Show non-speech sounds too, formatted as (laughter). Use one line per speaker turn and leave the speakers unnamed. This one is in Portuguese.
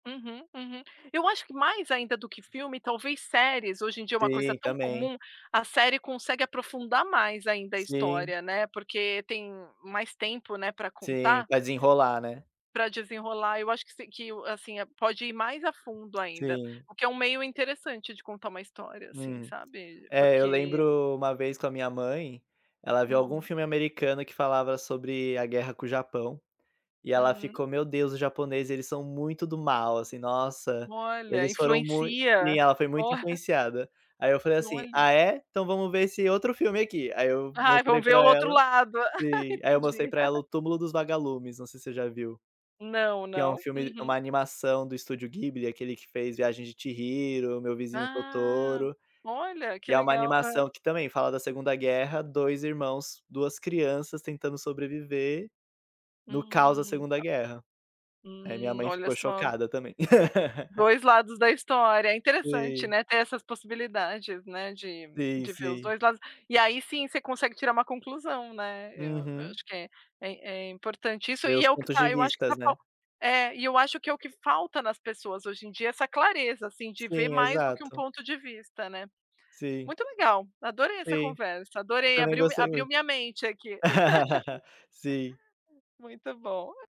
Uhum, uhum. Eu acho que mais ainda do que filme, talvez séries, hoje em dia é uma coisa
Sim,
tão
também.
comum. A série consegue aprofundar mais ainda a
Sim.
história, né, porque tem mais tempo, né, pra
Sim,
contar,
vai desenrolar, né.
pra desenrolar. Eu acho que se que, assim, pode ir mais a fundo ainda,
Sim.
o que é um meio interessante de contar uma história, assim,
Hum.
sabe,
É, eu
porque
lembro uma vez com a minha mãe, ela viu algum
Uhum.
filme americano que falava sobre a guerra com o Japão e ela
Uhum.
ficou: "Meu Deus, os japoneses, eles são muito do mal, assim, nossa,
Olha,
eles foram mui". Sim,
influencia.
ela foi
Ó.
muito
(chuckles)
influenciada. Aí eu falei assim:
Olha.
"Ah é? Então vamos ver esse outro filme aqui". Aí eu
Ai,
mostrei
vamos ver o
pra
outro
ela
lado. (laughs)
sim, aí eu mostrei
Entendi.
pra ela
(laughs)
o Túmulo dos Vagalumes, não sei se você já viu,
Não,
que é um
não.
filme, uma
Uhum.
animação do Studio Ghibli, aquele que fez A Viagem de Chihiro, Meu Vizinho
Ah.
Totoro,
Olha, que
e é uma
legal. Hã.
animação que também fala da segunda guerra, 2 irmãos, 2 crianças tentando sobreviver no caos da
Hum,
segunda
a
guerra. Aí minha
Hum.
mãe
Olha
ficou
só.
chocada também. (laughs)
2 lados da história. É interessante,
Sim
né, ter essas possibilidades, né, de
Sim,
de ver os
sim.
2 lados, e aí sim, você consegue tirar uma conclusão, né. Eu eu
Uhum.
acho que é é é importante isso.
Ver
E
os
é o que
pontos
está
de
eu acho que
vistas,
está
né.
falt É. E, eu acho que é o que falta nas pessoas hoje em dia, essa clareza, assim, de ver
Sim,
mais do que 1
exato.
ponto de vista, né.
Sim.
Muito legal, adorei essa
Sim.
conversa,
Eu
adorei,
também
abriu
gostei
abriu
muito.
minha mente aqui.
(laughs) Sim.
(laughs) Muito bom.